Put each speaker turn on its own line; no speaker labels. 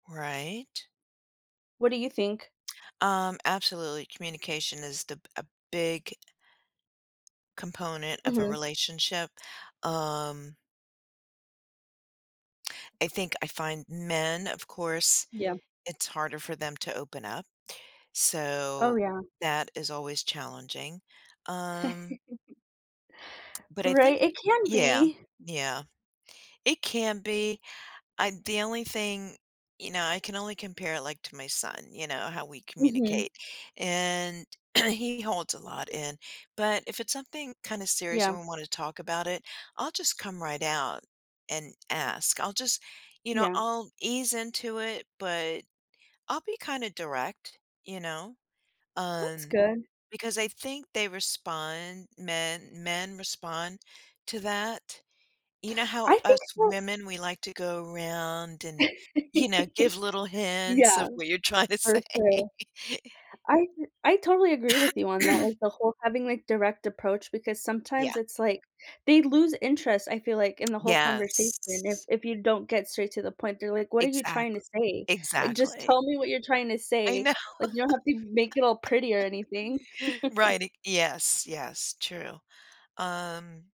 Right?
What do you think?
Um, absolutely. Communication is the a big component of a
Mhm.
relationship, um I think I find men, of course
Yeah.
it's harder for them to open up.
Oh,
So,
yeah.
that is always challenging, um But I think
Right, it can
Yeah,
be!
yeah. It can be, I the only thing, you know I can only compare it, like, to my son, you know, how we
Mhm.
communicate. And he holds a lot in, but, if it's something kinda serious
Yeah.
and we wanna talk about it, I'll just come right out and ask, I'll just you know,
Yeah.
I'll ease into it, but I'll be kinda direct. You know?
That's
Um,
good.
because I think they respond men men respond to that. You know how
I think
us
so
women, we like to go around and, you know, give little hints
Yeah.
of what you're trying to say?
For sure. I I totally agree with you on that, like the whole, having, like, direct approach, because
Yeah.
sometimes it's like they lose interest, I feel like, in the whole conversation if
Yes.
if you don't get straight to the point, they're like, "What are you
Exact
trying to say?" Like, "Just
exactly.
tell me what you're trying to
I
say.
know.
Like, you don't have to make it all pretty or anything."
Right, ex Yes, yes, true. Um